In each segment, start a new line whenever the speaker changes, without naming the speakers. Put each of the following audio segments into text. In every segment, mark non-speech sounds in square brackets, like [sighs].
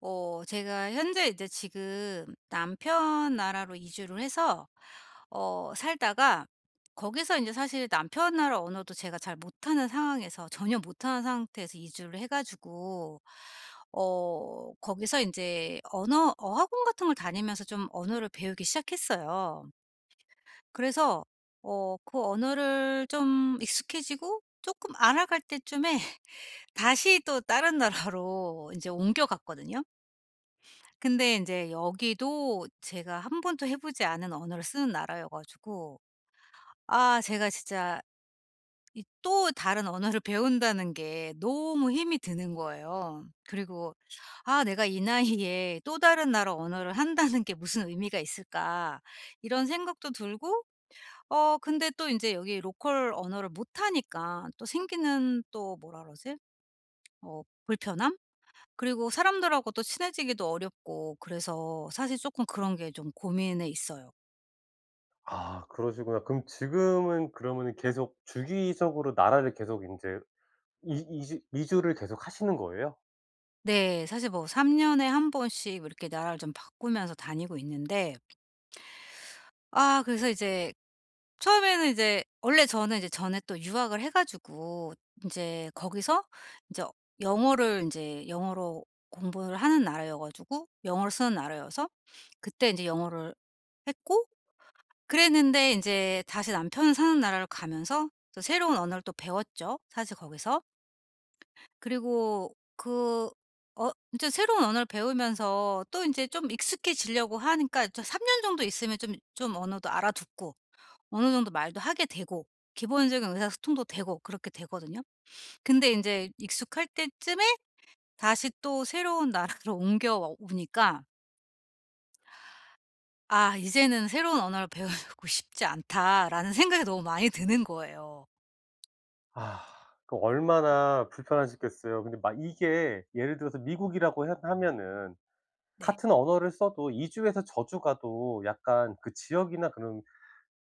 어 제가 현재 이제 지금 남편 나라로 이주를 해서 어 살다가 거기서 이제 사실 남편 나라 언어도 제가 잘 못하는 상황에서 전혀 못하는 상태에서 이주를 해 가지고 어 거기서 인제 언어 어학원 같은 걸 다니면서 좀 언어를 배우기 시작했어요. 그래서 어 그 언어를 좀 익숙해지고 쪼끔 알아갈 때쯤에 다시 또 다른 나라로 인제 옮겨갔거든요. 근데 인제 여기도 제가 1 번도 해 보지 않은 언어를 쓰는 나라여 가지고 아 제가 진짜 이 또 다른 언어를 배운다는 게 너무 힘이 드는 거예요. 그리고 '아 내가 이 나이에 또 다른 나라 언어를 한다는 게 무슨 의미가 있을까?' 이런 생각도 들고. 어 근데 또 인제 여기 로컬 언어를 못 하니까 또 생기는 또 뭐라 그러지? 뭐 불편함? 그리고 사람들하고도 친해지기도 어렵고 그래서 사실 쪼끔 그런 게 좀 고민에 있어요.
아 그러시구나. 그럼 지금은 그러면은 계속 주기적으로 나라를 계속 인제 이 이지 이주를 계속하시는 거예요?
네. 사실 뭐 3 년에 1 번씩 뭐 이렇게 나라를 좀 바꾸면서 다니고 있는데 아 그래서 이제 처음에는 이제 원래 저는 이제 전에 또 유학을 해 가지고 인제 거기서 인제 영어를 인제 영어로 공부를 하는 나라여 가지고 영어를 쓰는 나라여서 그때 이제 영어를 했고 그랬는데 인제 다시 남편 사는 나라로 가면서 또 새로운 언어를 또 배웠죠, 사실 거기서. 그리고 그 어 인제 새로운 언어를 배우면서 또 인제 좀 익숙해지려고 하니까 저 3 년 정도 있으면 좀 좀 언어도 알아듣고 어느 정도 말도 하게 되고 기본적인 의사소통도 되고 그렇게 되거든요. 근데 인제 익숙할 때쯤에 다시 또 새로운 나라로 옮겨와 오니까 '아 이제는 새로운 언어를 배우고 싶지 않다.'라는 생각이 너무 많이 드는 거예요.
아 그 얼마나 불편하셨겠어요. 근데 막 이게 예를 들어서 미국이라고 해 하면은
네.
같은 언어를 써도 이 주에서 저 주 가도 약간 그 지역이나 그런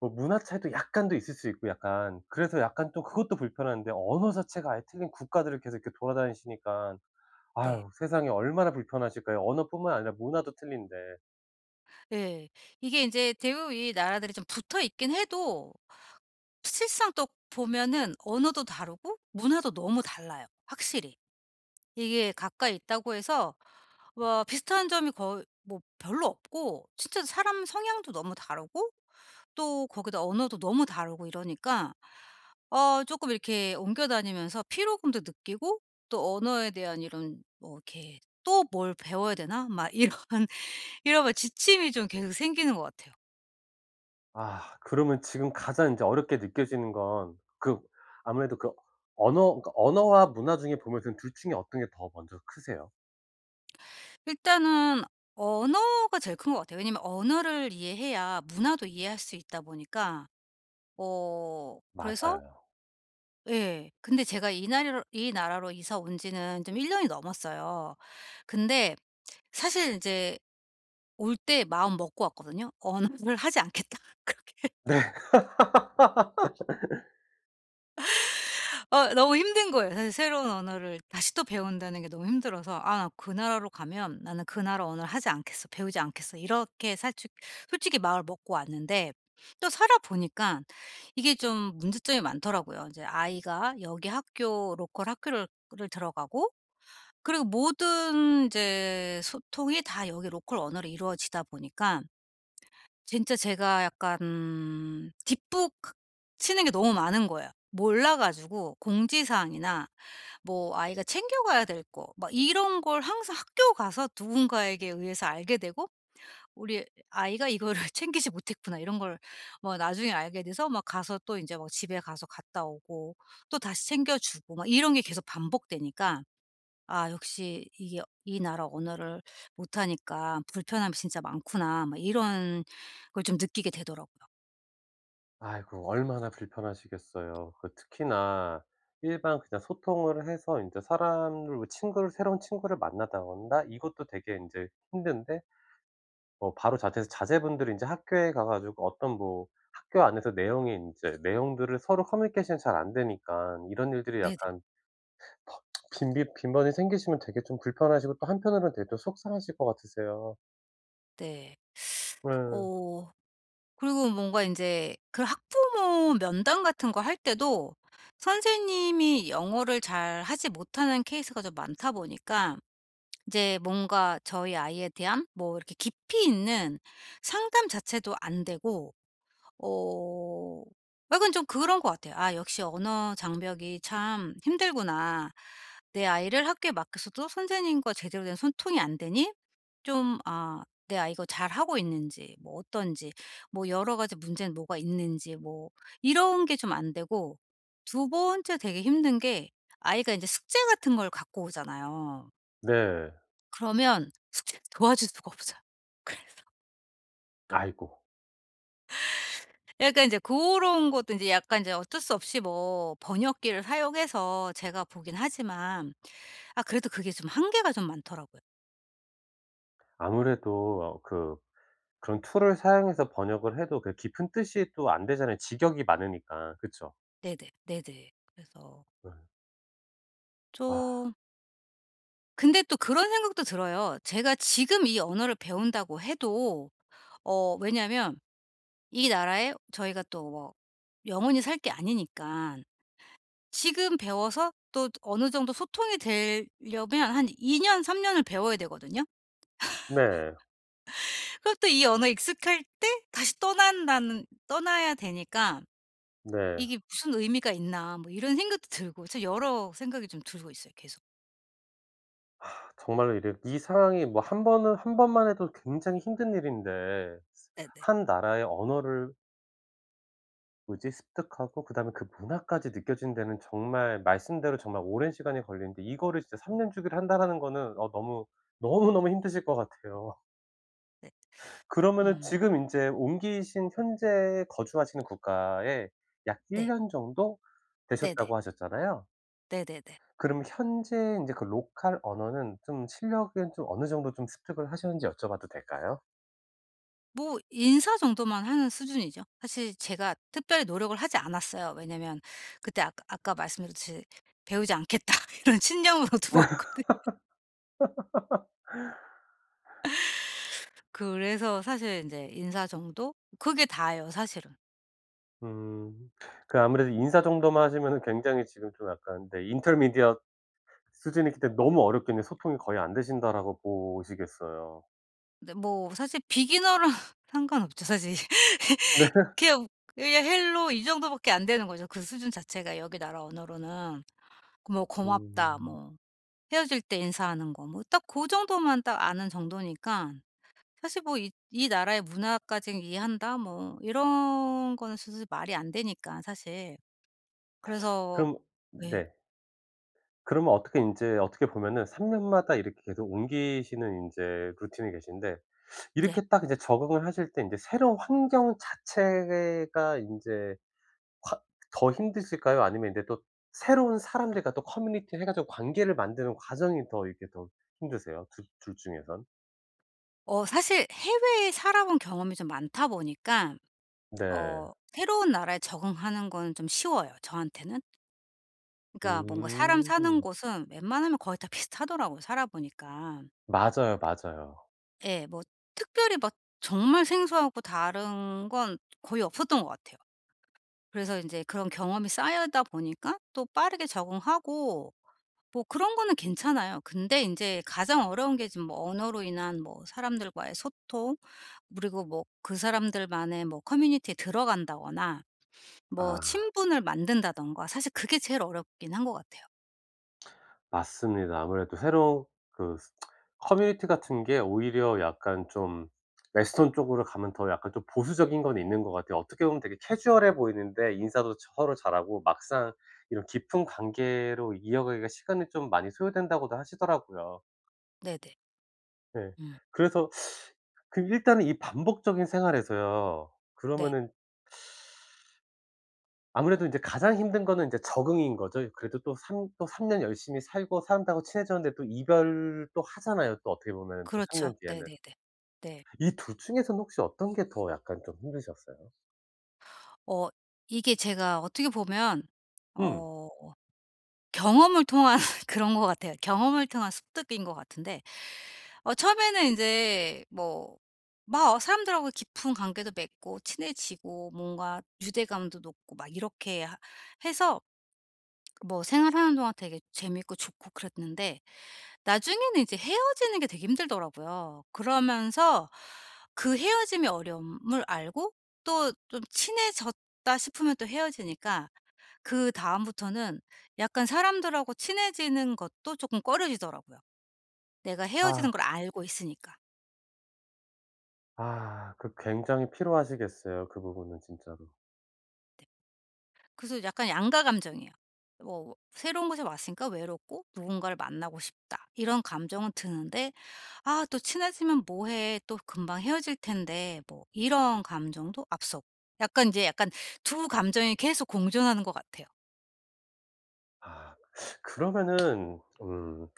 뭐 문화 차이도 약간 더 있을 수 있고 약간. 그래서 약간 또 그것도 불편한데 언어 자체가 아예 틀린 국가들을 계속 이렇게 돌아다니시니까.
네.
아휴 세상에 얼마나 불편하실까요? 언어뿐만 아니라 문화도 틀린데.
예. 이게 인제 대부분 이 나라들이 좀 붙어 있긴 해도 실상 또 보면은 언어도 다르고 문화도 너무 달라요 확실히. 이게 가까이
아.
있다고 해서 뭐 비슷한 점이 거의 뭐 별로 없고 진짜 사람 성향도 너무 다르고 또 거기다 언어도 너무 다르고 이러니까 어 쪼끔 이렇게 옮겨 다니면서 피로감도 느끼고 또 언어에 대한 이런 뭐 이렇게 '또 뭘 배워야 되나?' 막 이런, 이런 거 지침이 좀 계속 생기는 것 같아요.
아 그러면 지금 가장 이제 어렵게 느껴지는 건 그 아무래도 그 언어 그니까 언어와 문화 중에 보면 그 2 중에 어떤 게 더 먼저 크세요?
일단은 언어가 제일 큰 것 같아요. 왜냐하면 언어를 이해해야 문화도 이해할 수 있다 보니까 어 그래서
맞아요.
예. 근데 제가 이 나리로 이 나라로 이사 온 지는 좀 1 년이 넘었어요. 근데 사실 이제 올 때 마음 먹고 왔거든요? '언어를 하지 않겠다.' 그렇게.
네. [laughs]
어 너무 힘든 거예요. 사실 새로운 언어를 다시 또 배운다는 게 너무 힘들어서 '아 나 그 나라로 가면 나는 그 나라 언어를 하지 않겠어. 배우지 않겠어.' 이렇게 살죽 솔직히 마음을 먹고 왔는데 또 살아 보니깐 이게 좀 문제점이 많더라고요. 인제 아이가 여기 학교 로컬 학교를 를 들어가고 그리고 모든 이제 소통이 다 여기 로컬 언어로 이루어지다 보니까 진짜 제가 약간 뒷북 크 치는 게 너무 많은 거예요. 몰라 가지고 공지사항이나 뭐 아이가 챙겨 가야 될 거 막 이런 걸 항상 학교 가서 누군가에게 의해서 알게 되고 '우리 아이가 이거를 챙기지 못했구나.' 이런 걸 뭐 나중에 알게 돼서 막 가서 또 이제 뭐 집에 가서 갔다 오고 또 다시 챙겨 주고 막 이런 게 계속 반복되니까 '아 역시 이게 이 나라 언어를 못 하니까 불편함이 진짜 많구나.' 막 이런 걸 좀 느끼게 되더라고요.
아이고 얼마나 불편하시겠어요. 그 특히나 일반 그냥 소통을 해서 인제 사람을 친구를 새로운 친구를 만나다 온다 이것도 되게 인제 힘든데 어 바로 자퇴해서 자제분들이 인제 학교에 가 가지고 어떤 뭐 학교 안에서 내용이 인제 내용들을 서로 커뮤니케이션이 잘 안되니깐 이런 일들이
네네.
약간 더 [smacks lips] 더 빈빈 빈번히 생기시면 되게 좀 불편하시고 또 한편으로는 되게 속상하실 것 같으세요.
네. [sucks teeth]
네.
어 그리고 뭔가 인제 그 학부모 면담 같은 거 할 때도 선생님이 영어를 잘하지 못하는 케이스가 좀 많다 보니까 이제 뭔가 저희 아이에 대한 뭐 이렇게 깊이 있는 상담 자체도 안 되고 어 약간 좀 그런 것 같아요. '아 역시 언어 장벽이 참 힘들구나. 내 아이를 학교에 맡겼어도 선생님과 제대로 된 소통이 안 되니 좀 아 내 아이가 잘하고 있는지 뭐 어떤지 뭐 여러 가지 문제는 뭐가 있는지 뭐' 이런 게 좀 안 되고. 2 번째 되게 힘든 게 아이가 인제 숙제 같은 걸 갖고 오잖아요.
네.
그러면 숙제를 도와줄 수가 없어요. 그래서
아이고.
예. 그러니까 이제 고런 것도 이제 약간 이제 어쩔 수 없이 뭐 번역기를 사용해서 제가 보긴 하지만 아 그래도 그게 좀 한계가 좀 많더라고요.
아무래도 어 그 그런 툴을 사용해서 번역을 해도 그 깊은 뜻이 또 안 되잖아요, 직역이 많으니까. 그쵸?
네네. 네네. 그래서
네. 아.
좀 근데 또 그런 생각도 들어요. 제가 지금 이 언어를 배운다고 해도 어 왜냐면 이 나라에 저희가 또 뭐 영원히 살 게 아니니깐 지금 배워서 또 어느 정도 소통이 되려면 한 2 년 3 년을 배워야 되거든요.
네.
[laughs] 그리고 또 이 언어에 익숙할 때 다시 떠난다는 떠나야 되니까
네.
'이게 무슨 의미가 있나.' 뭐 이런 생각도 들고 참 여러 생각이 좀 들고 있어요 계속.
[sighs] 정말로 이래 이 상황이 뭐 1 번은 1 번만 해도 굉장히 힘든 일인데
네네.
1 나라의 언어를 뭐지? 습득하고 그다음에 그 문화까지 느껴지는 데는 정말 말씀대로 정말 오랜 시간이 걸리는데 이거를 진짜 '3 년 주기로 한다.'라는 거는 어 너무 너무, 너무 힘드실 것 같아요.
네.
그러면은
음.
지금 인제 옮기신 현재 거주하시는 국가에 약 1
네.
년 정도
네네.
되셨다고 하셨잖아요.
네네네.
그럼 현재 인제 그 로컬 언어는 좀 실력은 좀 어느 정도 좀 습득을 하셨는지 여쭤봐도 될까요?
뭐 인사 정도만 하는 수준이죠. 사실 제가 특별히 노력을 하지 않았어요. 왜냐하면 그때 아까 아까 말씀드렸듯이 '배우지 않겠다.' 이런 신념으로 들어왔거든요.
[laughs]
그래서 사실 인제 인사 정도? 그게 다예요 사실은.
음. 그 아무래도 인사 정도만 하시면은 굉장히 지금 좀 약간 네 Intermediate 수준이기 때문에 너무 어렵겠네 '소통이 거의 안 되신다.'라고 보시겠어요.
네. 뭐 사실 비기너랑 상관 없죠 사실.
네.
[laughs] 그냥 그냥 Hello 이 정도밖에 안 되는 거죠 그 수준 자체가 여기 나라 언어로는. 그 뭐 고맙다
음.
뭐 헤어질 때 인사하는 거 뭐 딱 고 정도만 딱 아는 정도니까 사실 뭐 이 이 나라의 문화까지는 이해한다 뭐 이런 거는 사실 말이 안 되니까 사실. 그래서
그럼
왜
네. 그러면 어떻게 인제 어떻게 보면은 3 년마다 이렇게 계속 옮기시는 인제 루틴이 계신데
네.
이렇게 딱 이제 적응을 하실 때 인제 새로운 환경 자체가 인제 콰 더 힘드실까요? 아니면 인제 또 새로운 사람들과 또 커뮤니티를 해 가지고 관계를 만드는 과정이 더 이렇게 더 힘드세요? 두 중에선?
어 사실 해외에 살아본 경험이 좀 많다 보니깐
네.
어 새로운 나라에 적응하는 거는 좀 쉬워요, 저한테는. 그러니까 뭔가 사람 사는
음.
곳은 웬만하면 거의 다 비슷하더라고요, 살아보니깐.
맞아요, 맞아요.
예 뭐 특별히 막 정말 생소하고 다른 건 거의 없었던 것 같아요. 그래서 인제 그런 경험이 쌓이다 보니까 또 빠르게 적응하고 뭐 그런 거는 괜찮아요. 근데 인제 가장 어려운 게 지금 뭐 언어로 인한 뭐 사람들과의 소통, 그리고 뭐 그 사람들만의 뭐 커뮤니티에 들어간다거나 뭐
아.
친분을 만든다든가 사실 그게 제일 어렵긴 한 것 같아요.
맞습니다. 아무래도 새로 그 [tsk] 커뮤니티 같은 게 오히려 약간 좀 western 쪽으로 가면 더 약간 좀 보수적인 건 있는 것 같아요. 어떻게 보면 되게 캐주얼해 보이는데 인사도 서로 잘하고 막상 이런 "깊은 관계로 이어가기가 시간이 좀 많이 소요된다."고도 하시더라고요.
네네.
예.
음.
그래서 [sucks teeth] 그 일단은 이 반복적인 생활에서요
네.
그러면은 아무래도 인제 가장 힘든 거는 인제 적응인 거죠. 이 그래도 또 3 또 3 년 열심히 살고 사람들하고 친해졌는데 또 이별 또 하잖아요, 또 어떻게 보면은 또 3
그렇죠.
년 뒤에는.
네네네. 네.
이 2 중에서는 혹시 어떤 게 더 약간 좀 힘드셨어요?
어. 이게 제가 어떻게 보면
음.
어 경험을 통한 그런 것 같아요. 경험을 통한 습득인 거 같은데. 어 처음에는 인제 뭐 막 아 사람들하고 깊은 관계도 맺고 친해지고 뭔가 유대감도 높고 막 이렇게 하 해서 뭐 생활하는 동안 되게 재밌고 좋고 그랬는데 나중에는 인제 헤어지는 게 되게 힘들더라고요. 그러면서 그 헤어짐의 어려움을 알고 또 좀 친해졌다 싶으면 또 헤어지니까 그다음부터는 약간 사람들하고 친해지는 것도 쪼끔 꺼려지더라고요. 내가 헤어지는
아.
걸 알고 있으니까.
아. 그 굉장히 피로하시겠어요 그 부분은 진짜로.
넵. 그래서 약간 양가감정이에요. 뭐 '새로운 곳에 왔으니까 외롭고 누군가를 만나고 싶다.' 이런 감정은 드는데 '아 또 친해지면 뭐 해? 또 금방 헤어질 텐데.' 뭐 이런 감정도 앞서고. 약간 인제 약간 2 감정이 계속 공존하는 것 같아요.
아 그러면은 음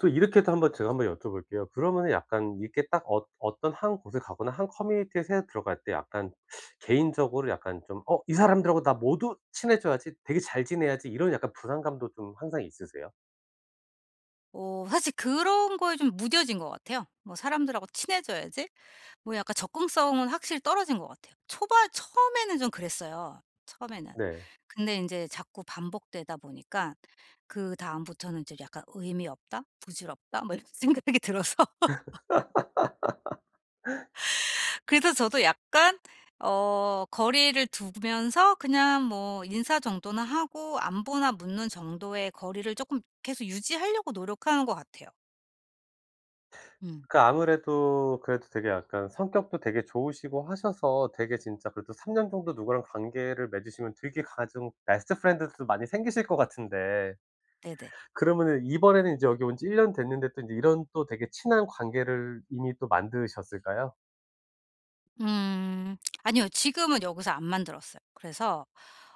또 이렇게도 한번 제가 한번 여쭤볼게요. 그러면은 약간 이렇게 딱 어 어떤 1 곳에 가거나 1 커뮤니티에 새로 들어갈 때 약간 [sucks teeth] 개인적으로 약간 좀 '어 이 사람들하고 나 모두 친해져야지. 되게 잘 지내야지.' 이런 약간 부담감도 좀 항상 있으세요?
어 사실 그런 거에 좀 무뎌진 것 같아요. 뭐 '사람들하고 친해져야지.' 뭐 약간 접근성은 확실히 떨어진 것 같아요. 초반 처음에는 좀 그랬어요 처음에는.
네.
근데 인제 자꾸 반복되다 보니까 그다음부터는 이제 약간 '의미 없다? 부질없다?' 뭐 이런 생각이 들어서 [laughs]
[laughs]
그래서 저도 약간 어 거리를 두면서 그냥 뭐 인사 정도나 하고 안부나 묻는 정도의 거리를 쪼끔 계속 유지하려고 노력하는 것 같아요. 음.
그 아무래도 그래도 되게 약간 성격도 되게 좋으시고 하셔서 되게 진짜 그래도 3 년 정도 누구랑 관계를 맺으시면 되게 가장 베스트 프렌드들도 많이 생기실 것 같은데.
네네.
그러면은 이번에는 이제 여기 온 지 1 년 됐는데 또 인제 이런 또 되게 친한 관계를 이미 또 만드셨을까요?
음 아니요. 지금은 여기서 안 만들었어요. 그래서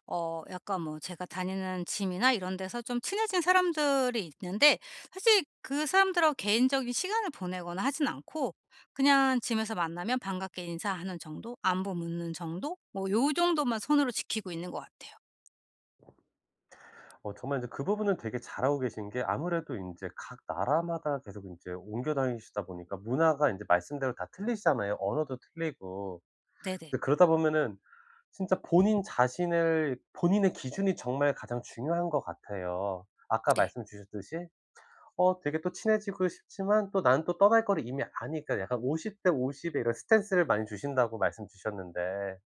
어 약간 뭐 제가 다니는 짐이나 이런 데서 좀 친해진 사람들이 있는데 사실 그 사람들하고 개인적인 시간을 보내거나 하진 않고 그냥 짐에서 만나면 반갑게 인사하는 정도 안부 묻는 정도 뭐 요 정도만 선으로 지키고 있는 것 같아요.
어 정말 이제 그 부분은 되게 잘하고 계신 게 아무래도 인제 각 나라마다 계속 인제 옮겨 다니시다 보니까 문화가 인제 말씀대로 다 틀리시잖아요, 언어도 틀리고.
네네.
근데 그러다 보면은 진짜 본인 자신을 본인의 기준이 정말 가장 중요한 것 같아요. 아까
네.
말씀 주셨듯이 어 되게 또 친해지고 싶지만 또 나는 또 떠날 거를 이미 아니까 약간 50:50 의 이런 스탠스를 많이 주신다고 말씀 주셨는데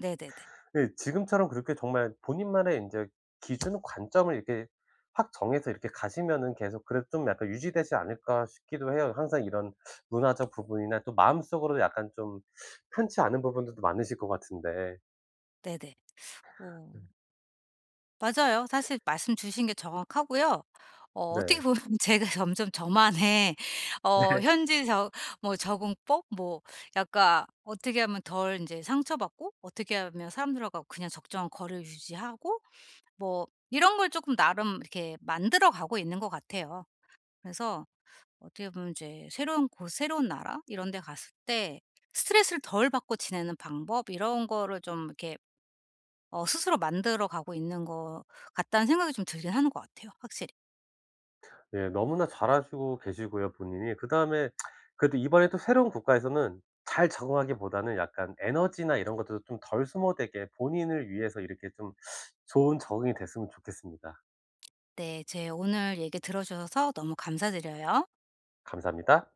네네네.
예 지금처럼 그렇게 정말 '본인만의 인제 기준 관점을 이렇게 확 정해서 이렇게 가시면은 계속 그래도 좀 약간 유지되지 않을까?' 싶기도 해요. 항상 이런 문화적 부분이나 또 마음속으로도 약간 좀 [sucks teeth] 편치 않은 부분들도 많으실 것 같은데
네네 어.
음.
맞아요. 사실 말씀 주신 게 정확하고요. 어 어떻게
네.
보면 제가 점점 저만의 어
네.
현지 저 뭐 적응법 뭐 약간 어떻게 하면 덜 인제 상처받고 어떻게 하면 사람들하고 그냥 적정한 거리를 유지하고 뭐 이런 걸 쪼끔 나름 이렇게 만들어 가고 있는 것 같아요. 그래서 어떻게 보면 이제 새로운 곳 새로운 나라 이런 데 갔을 때 '스트레스를 덜 받고 지내는 방법 이런 거를 좀 이렇게 어 스스로 만들어 가고 있는 것 같다.'는 생각이 좀 들긴 하는 것 같아요 확실히.
예 너무나 잘하시고 계시고요 본인이. 그다음에 [smacks lips] 그래도 이번에 또 새로운 국가에서는 잘 적응하기보다는 약간 에너지나 이런 것들도 좀 덜 소모되게 본인을 위해서 이렇게 좀 좋은 적응이 됐으면 좋겠습니다.
네 제 오늘 얘기 들어주셔서 너무 감사드려요.
감사합니다.